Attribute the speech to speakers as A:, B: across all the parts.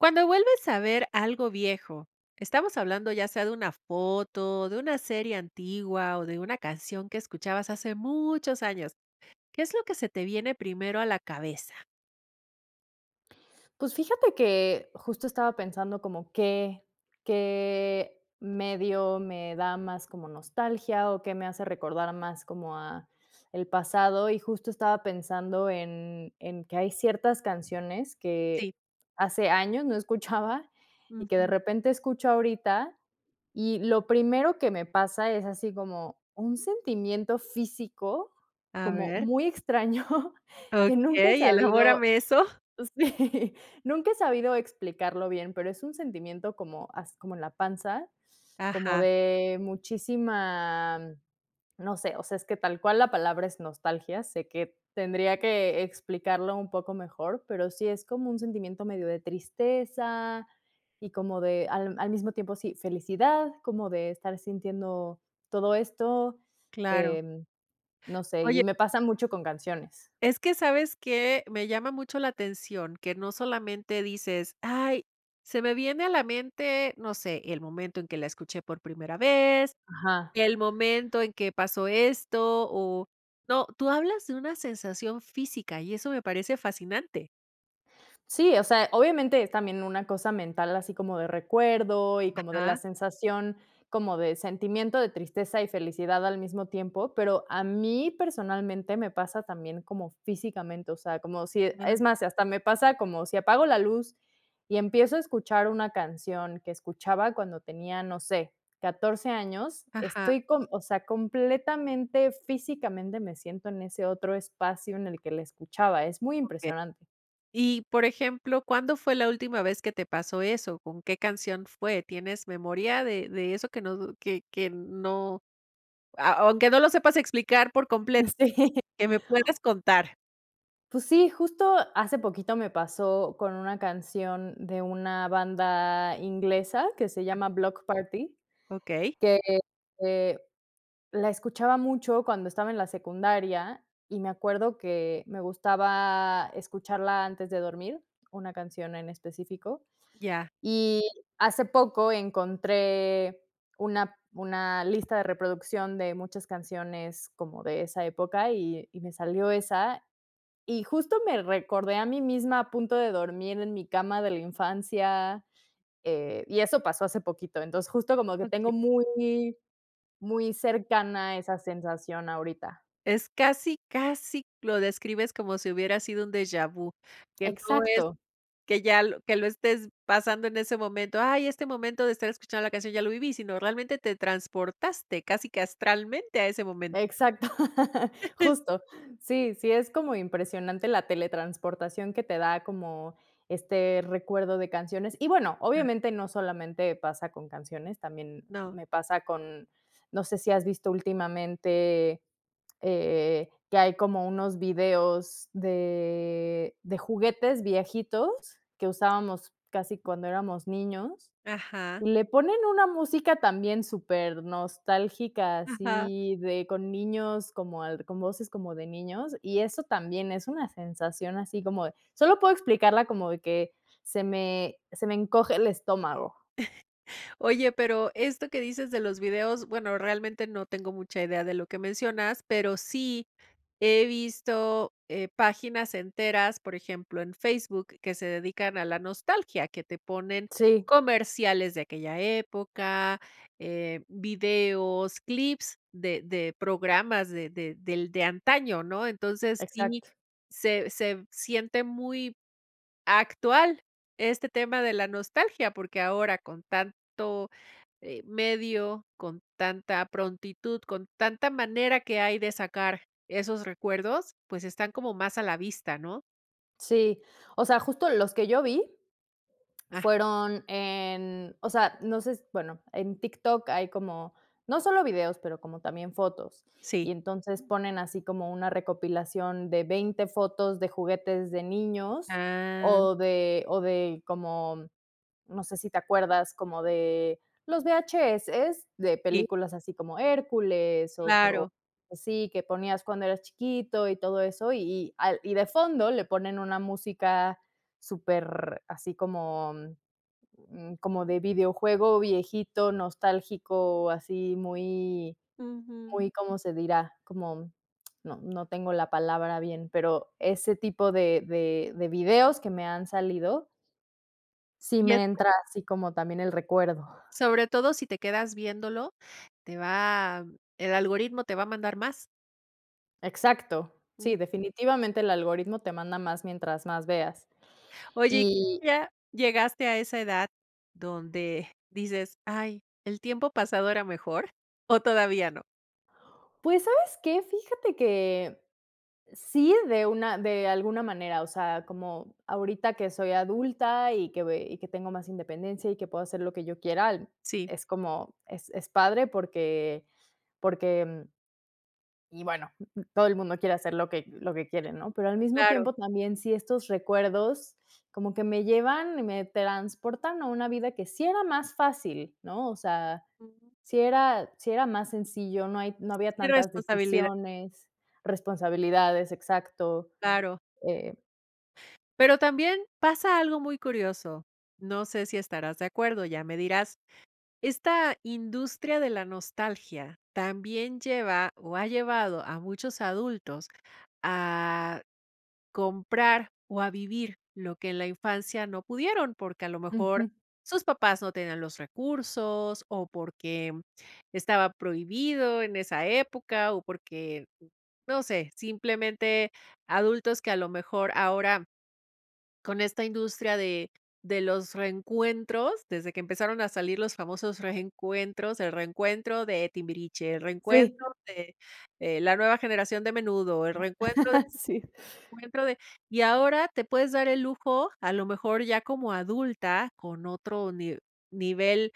A: Cuando vuelves a ver algo viejo, estamos hablando ya sea de una foto, de una serie antigua, o de una canción que escuchabas hace muchos años. ¿Qué es lo que se te viene primero a la cabeza?
B: Pues, fíjate que justo estaba pensando como qué qué medio me da más como nostalgia, o qué me hace recordar más como ah, el pasado. Y justo estaba pensando en en que hay ciertas canciones
A: Sí.
B: que hace años no escuchaba, y que de
A: Ujú.
B: repente escucho ahorita. Y lo primero que me pasa es así como un sentimiento físico
A: A
B: como
A: ver.
B: muy extraño que nunca he
A: Okey,
B: sabido
A: elaborame eso.
B: Sí. Nunca he sabido explicarlo bien, pero es un sentimiento como as como en la panza, como
A: Ajá.
B: de muchísima, no sé, o sea, es que tal cual la palabra es nostalgia. Sé que tendría que explicarlo un poco mejor, pero sí es como un sentimiento medio de tristeza y como de al al mismo tiempo sí, felicidad, como de estar sintiendo todo esto,
A: Claro.
B: em, no sé,
A: Oye.
B: y me pasa mucho con canciones.
A: Es que, sabes que, me llama mucho la atención que no solamente dices: “Ay, se me viene a la mente, no sé, el momento en que la escuché por primera vez,
B: Ajá.
A: el momento en que pasó esto o "No, tú hablas de una sensación física y eso me parece fascinante.
B: Sí, o sea, obviamente, es también una cosa mental así como de recuerdo, y como de la
A: Ajá.
B: sensación como de sentimiento de tristeza y felicidad al mismo tiempo. Pero a mí, personalmente, me pasa también como físicamente, o sea, como si e
A: Ujú.
B: es más, si hasta me pasa como si apago la luz, y empiezo a escuchar una canción que escuchaba cuando tenía, no sé, 14 años,
A: Ajá.
B: estoy com o sea, completamente físicamente me siento en ese otro espacio en el que la escuchaba. Es muy
A: Okey.
B: impresionante.
A: Y por ejemplo, ¿cuándo fue la última vez que te pasó eso? ¿Con qué canción fue? ¿Tienes memoria de de eso que no d que que n no? A aunque no lo sepas explicar por completo,
B: Sí.
A: qué me puedas contar.
B: Pues sí, justo hace poquito me pasó con una canción de una banda inglesa que se llama
A: [unintelligible]
B: Bloc Party,
A: Okey.
B: que, eh, la escuchaba mucho cuando estaba en la secundaria. Y me acuerdo que me gustaba escucharla antes de dormir, una canción en específico.
A: Ya.
B: Y hace poco encontré una una lista de reproducción de muchas canciones como de esa época, y y me salió esa. Y justo me recordé a mí misma a punto de dormir en mi cama de la infancia. Eh, y eso pasó hace poquito, entonces justo como que
A: Okey.
B: tengo muy muy cercana esa sensación ahorita.
A: Es casi casi lo describes como si hubiera sido un deja vu, que no es
B: Exacto.
A: que ya lo que lo estés pasando en ese momento. Ay, este momento de estar escuchando la canción ya lo viví, sino realmente te transportaste casi que astralmente a ese momento.
B: Exacto. Justo. Sí sí es como impresionante la teletransportación que te da, como este recuerdo de canciones. Y bueno,
A: [unintelligible]
B: obviamente, no solamente pasa con canciones. También
A: No.
B: me pasa con no sé si has visto últimamente, eh, que hay como unos videos de de juguetes viejitos que usábamos casi cuando éramos niños,
A: Ajá.
B: y le ponen una música también súper nostálgica,
A: Ajá.
B: así de con niños como al con voces como de niños. Y eso también es una sensación, así como de solo puedo explicarla como de que se me se me encoge el estómago.
A: Oye, pero esto que dices de los videos, bueno, realmente no tengo mucha idea de lo que mencionas, pero sí he visto, eh, páginas enteras, por ejemplo, en Facebook, que se dedican a la nostalgia, que te ponen
B: Sí.
A: comerciales de aquella época, eh, videos, clips de de programas de de del de antaño, ¿no? Entonces, sí,
B: Exacto.
A: se se siente muy, actual este tema de la nostalgia, porque ahora con tanto, eh, medio, con tanta prontitud, con tanta manera que hay de sacar esos recuerdos, pues, están como más a la vista, ¿no?
B: Sí. O sea, justo los que yo vi
A: Ah.
B: fueron en, o sea, no sé s bueno, en TikTok hay como, no solo videos, pero como también fotos.
A: Sí.
B: Y, entonces, ponen así como una recopilación de 20 fotos de juguetes de niños,
A: Ah, mm.
B: o de o de como, no sé si te acuerdas, como de los VHS, de
A: Sí.
B: películas así como Hércules, o co
A: Claro.
B: así, que ponías cuando eras chiquito y todo eso. Y y al y de fondo le ponen una música súper así como, mm, mm, como de videojuego viejito, nostálgico, así muy,
A: Ujú.
B: muy, ¿cómo se dirá?, como no no tengo la palabra bien, pero, ese tipo de de de videos que me han salido sí
A: Y es
B: me entra así como también el recuerdo.
A: Sobre todo si te quedas viéndolo te va el algoritmo te va a mandar más.
B: Exacto.
A: Mm.
B: Sí, definitivamente el algoritmo te manda más mientras más veas,
A: Oye, ¿y tú
B: y
A: ya llegaste a esa edad donde, dices: "Ay, el tiempo pasado era mejor" o todavía no?
B: Pues, ¿sabes qué?, fíjate que sí, de una de alguna manera. O sea, como ahorita que soy adulta, y que ve y que tengo más independencia, y que puedo hacer lo que yo quiera al
A: Sí.
B: es como es es padre, porque porque, mm Y bueno, todo el mundo quiere hacer lo que lo que quiere, ¿no?, pero al mismo
A: Claro.
B: tiempo también, sí estos recuerdos, como que me llevan y me transportan a una vida que sí era más fácil, ¿no? O sea,
A: Ujú.
B: sí era sí era más sencillo, no hay no
A: Sí,
B: había tantas
A: irresponsabilidad.
B: decisiones, responsabilidades, exacto,
A: Claro.
B: eh
A: Pero también, pasa algo muy curioso, no sé, si estarás de acuerdo, ya me dirás. Esta industria de la nostalgia también lleva, o ha llevado a muchos adultos a comprar, o a vivir lo que en la infancia no pudieron, porque a lo mejor
B: Ujú.
A: sus papás no tenían los recursos, o porque estaba prohibido en esa época, o porque, uh, no sé. Simplemente, adultos que a lo mejor ahora, con esta industria de de los reencuentros, desde que empezaron a salir los famosos reencuentros, el reencuentro de Timbiriche, el
B: Sí.
A: reencuentro de eh, la nueva generación de Menudo, el reencuentro de
B: Sí.
A: reencuentro de y ahora, te puedes dar el lujo a lo mejor ya como adulta, con otro ni nivel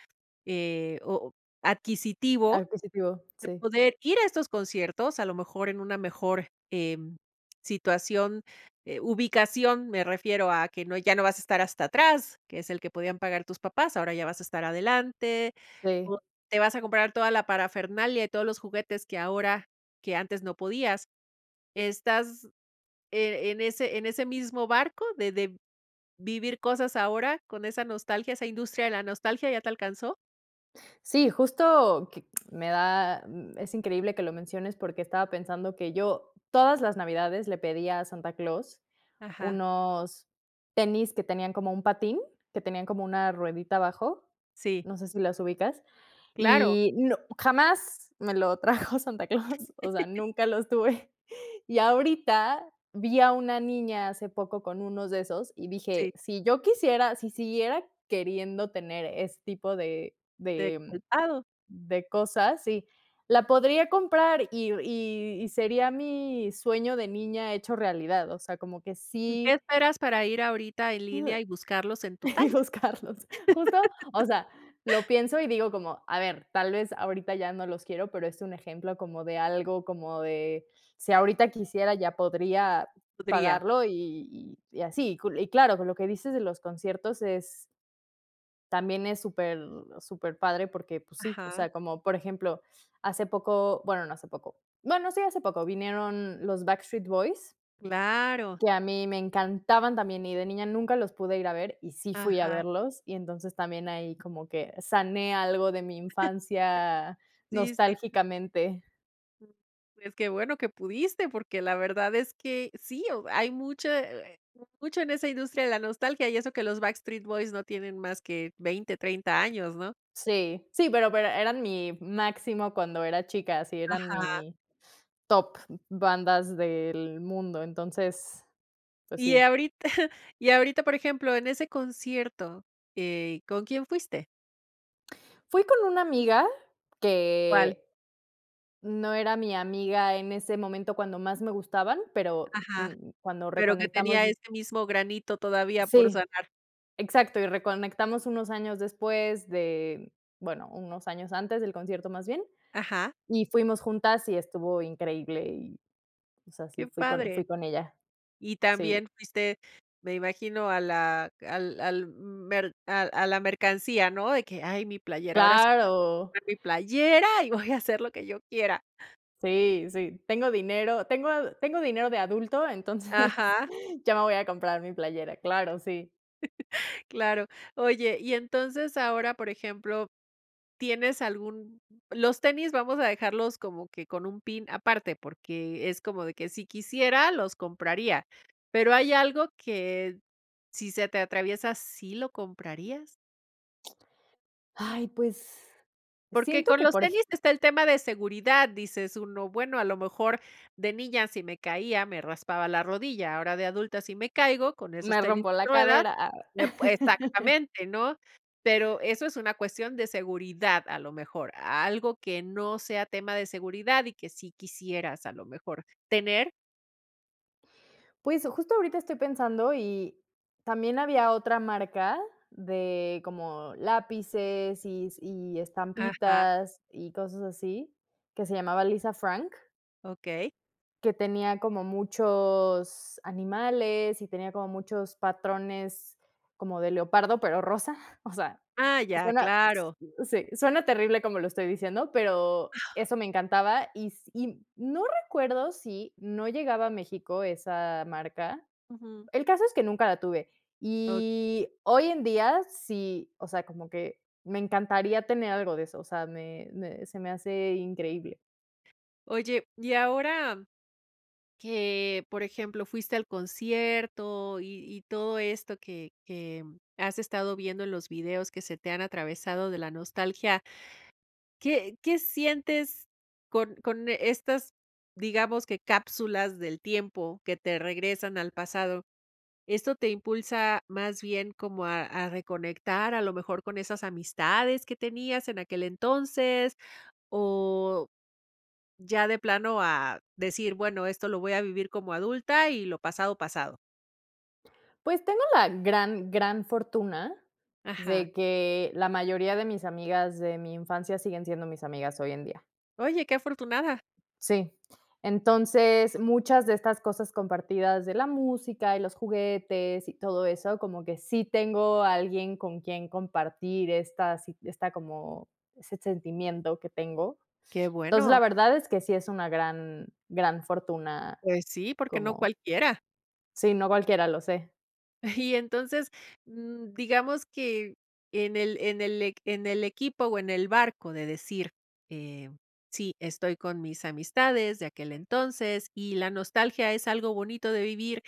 A: eh, o adquisitivo
B: Adquisitivo,
A: de
B: sí.
A: poder ir a estos conciertos, a lo mejor en una mejor, em, situación, eh, ubicación me refiero, a que no ya no vas a estar hasta atrás, que es el que podían pagar tus papás. Ahora ya vas a estar adelante,
B: Sí.
A: o te vas a comprar toda la parafernalia y todos los juguetes que ahora que antes no podías. Estás, eh, en ese en ese mismo barco, de de vivir cosas ahora con esa nostalgia, esa industria de la nostalgia, ¿ya te alcanzó?
B: Sí, justo que me da mm, es increíble que lo menciones, porque estaba pensando que yo, todas las navidades le pedí a Santa Claus,
A: Ajá.
B: unos tenis que tenían como un patín, que tenían como una ruedita abajo.
A: Sí.
B: No sé si los ubicas.
A: Claro.
B: Y no jamás me lo trajo Santa Claus, o sea, nunca los tuve. Y ahorita vi a una niña hace poco con unos de esos, y
A: Sí.
B: dije: "Si yo quisiera, si siguiera queriendo tener ese tipo de
A: ¿De
B: de
A: calzado?
B: de cosas, sí, la podría comprar, y y y sería mi sueño de niña hecho realidad. O sea, como que
A: ¿Y qué
B: sí
A: esperas para ir ahorita en línea y buscarlos en tu talla?
B: buscarlos. Justo, o sea, lo pienso, y digo como: "A ver, tal vez ahorita ya no los quiero" Pero es un ejemplo como de algo como de, si ahorita quisiera, ya podría
A: Podría
B: pagarlo, y y así. Y cul y claro, con lo que dices de los conciertos es, también es súper súper padre, porque, pues sí, o
A: Ajá.
B: sea, como, por ejemplo, hace poco bueno, no hace poco no no sí, hace poco, vinieron los Backstreet Boys
A: ¡Claro!
B: que a mí me encantaban también, y de niña nunca los pude ir a ver, y sí fui a
A: Ajá.
B: verlos. Y entonces, también ahí como que sané algo de mi infancia
A: Sí, sí.
B: nostálgicamente.
A: Pues, qué bueno que pudiste, porque la verdad es que sí, o hay mucha, eh, eh, mucho en esa industria de la nostalgia y eso que los Backstreet Boys no tienen más que 20, 30 años, ¿no?
B: Sí, sí, pero pero eran mi máximo cuando era chica. Sí, eran
A: Ajá.
B: mi top bandas del mundo. Entonces, pues
A: Y
B: sí.
A: ahorita y ahorita, por ejemplo, en ese concierto, eh, ¿con quién fuiste?
B: Fui con una amiga,
A: ¿Cuál?
B: que no era mi amiga en ese momento cuando más me gustaban, pero,
A: Ajá,
B: mm, cuando
A: pero, que
B: reconectamos
A: tenía
B: y
A: este mismo granito todavía por
B: Sí.
A: sanar.
B: Exacto. Y reconectamos unos años después de bueno, unos años antes del concierto, más bien.
A: Ajá.
B: Y fuimos juntas y estuvo increíble. Y, o sea, sí,
A: Qué
B: fui con
A: padre.
B: fui con ella.
A: Y
B: Sí.
A: también fuiste, me imagino a la al al m mer a a la mercancía, ¿no?, de que, ay, mi playera, ahora s
B: ¡Claro!
A: [unintelligible] mi playera, y voy a hacer lo que yo quiera.
B: Sí, sí. Tengo dinero, tengo ad tengo dinero de adulto, entonces,
A: Ajá.
B: ya me voy a comprar mi playera. Claro, sí.
A: Claro. Oye, y entonces ahora, por ejemplo, ¿tienes algún?, los tenis vamos a dejarlos como que con un pin aparte, porque es como de que si quisiera, los compraría. Pero hay algo que, si se te atraviesa, ¿sí lo comprarías?
B: Ay, pues,
A: Porque
B: siento
A: con
B: que
A: los
B: por eje
A: tenis está el tema de seguridad, dices: “Uno bueno, a lo mejor de niña si me caía, me raspaba la rodilla, ahora de adulta si me caigo con esos
B: Me
A: tenis
B: rompo
A: de
B: la
A: ruedas
B: cadera.
A: me pue "Exactamente, ¿no? Pero eso es una cuestión de seguridad, a lo mejor, algo que no sea tema de seguridad y que sí quisieras, a lo mejor, tener.
B: Pues, justo ahorita estoy pensando y También había otra marca de como lápices, y s y
A: Ajá.
B: estampitas y cosas así, que se llamaba Lisa Frank.
A: Okey.
B: Que tenía como muchos animales y tenía como muchos patrones como de leopardo, pero rosa. O sea,
A: Ah, ya,
B: suena, s
A: claro.
B: sí, suena terrible como lo estoy diciendo, pero eso me encantaba. Y s y no recuerdo si no llegaba a México esa marca,
A: Ujú.
B: el caso es que nunca la tuve.
A: O
B: Y hoy en día, sí, o sea, como que me encantaría tener algo de eso, o sea, me me se me hace increíble.
A: Oye, y ahora, que, por ejemplo, fuiste al concierto, y y todo esto que que has estado viendo en los videos que se te han atravesado de la nostalgia ¿qué qué sientes con con estas, digamos, que cápsulas del tiempo que te regresan al pasado? ¿Esto te impulsa, más bien como a a reconectar, a lo mejor con esas amistades que tenías en aquel entonces? O ya de plano a decir, bueno, esto lo voy a vivir como adulta, y lo pasado pasado.
B: Pues, tengo la gran gran fortuna,
A: Ajá.
B: de que, la mayoría de mis amigas de mi infancia siguen siendo mis amigas hoy en día.
A: ¡Oye, qué afortunada!
B: Sí, entonces, muchas de estas cosas compartidas de la música, y los juguetes, y todo eso, como que sí tengo a alguien con quien compartir estas sí esta como ese sentimiento que tengo.
A: Qué
B: Entonces, la
A: bueno.
B: verdad es que sí es una gran gran fortuna
A: Pues sí, porque no
B: como
A: cualquiera.
B: Sí, no cualquiera, lo sé.
A: Y entonces, mm, digamos que en el, en el eq en el equipo o en el barco de decir: "Eh, sí, estoy con mis amistades de aquel entonces y la nostalgia es algo bonito de vivir"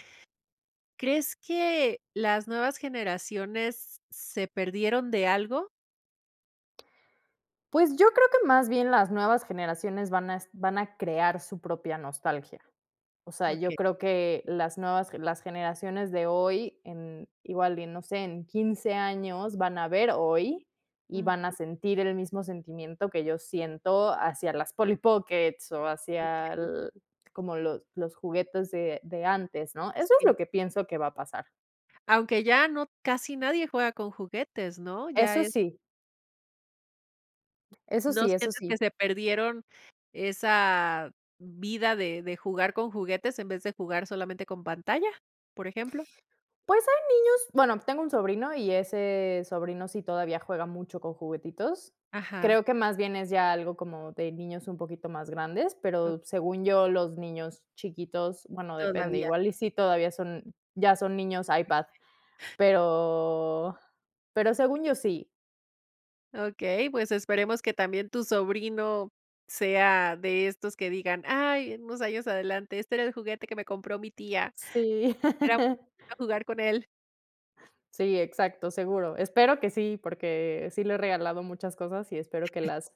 A: ¿crees que las nuevas generaciones, s se perdieron de algo?
B: Pues, yo creo que más bien las nuevas generaciones van a est a van a crear su propia nostalgia. O sea, yo
A: Okey.
B: creo que las nuevas gen las generaciones de hoy en igual, y no sé, en 15 años van a ver hoy, y van a
A: Ujú.
B: sentir el mismo sentimiento que yo siento hacia las Polly Pockets, o hacia
A: Okey.
B: al como los los juguetes de de antes, ¿no? Eso es lo
A: Sí.
B: que pienso que va a pasar.
A: Aunque ya no casi nadie juega con juguetes ¿no? Ya
B: Eso
A: es
B: sí. Eso
A: ¿No
B: sí eso
A: sientes que
B: sí.
A: se perdieron, esa, vida de de jugar con juguetes en vez de jugar solamente con pantalla? Por ejemplo.
B: Pues, hay niños bueno, tengo un sobrino y ese sobrino sí todavía juega mucho con juguetitos.
A: Ajá.
B: Creo que más bien es ya algo como de niños un poquito más grandes, pero
A: Okey.
B: según yo, los niños chiquitos bueno depende,
A: Todavía.
B: igual, y sí, todavía son, ya son niños iPad.
A: [unintelligible]
B: Pero pero según yo, sí.
A: Okey, pues, esperemos que también tu sobrino, sea de estos que digan: "Ay" En unos años adelante: "Este era el juguete que me compró mi tía.
B: Sí.
A: Era [unintelligible] jugar con él"
B: Sí, exacto, seguro. Espero que sí, porque, sí le he regalado muchas cosas y espero que las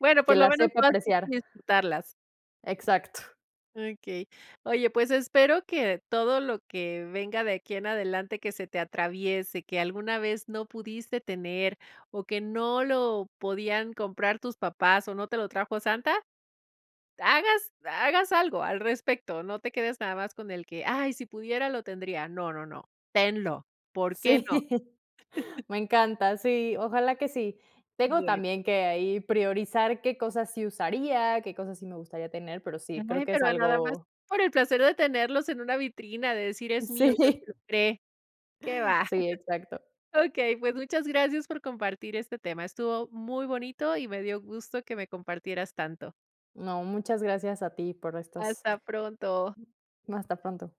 A: Bueno,
B: que
A: por lo
B: las
A: menos
B: sepa
A: tú has visto
B: apreciar.
A: disfrutarlas.
B: Exacto.
A: Okey. Oye, pues espero que todo lo que venga de aquí en adelante que se te atraviese, que alguna vez no pudiste tener, o que no lo podían comprar tus papás, o no te lo trajo Santa, hagas hagas algo al respecto. No te quedes nada más con el que: "Ay, si pudiera lo tendría" No, no, no, tenlo, ¿por qué
B: Sí,
A: no?
B: me encanta, sí, ojalá que sí. Tengo
A: Bueno.
B: también que ahí priorizar qué cosas sí usaría, qué cosas sí me gustaría tener, pero sí, creo
A: [unintelligible]
B: que es
A: Pero a nada más,
B: algo
A: por el placer de tenerlos en una vitrina, de decir: "Es mío, yo [unintelligible]
B: sí.
A: compre. Qué va.
B: Sí, exacto.
A: Okey, pues, muchas gracias por compartir este tema, estuvo muy bonito y me dio gusto que me compartieras tanto.
B: No, muchas gracias a ti por estas
A: Hasta pronto.
B: hasta pronto.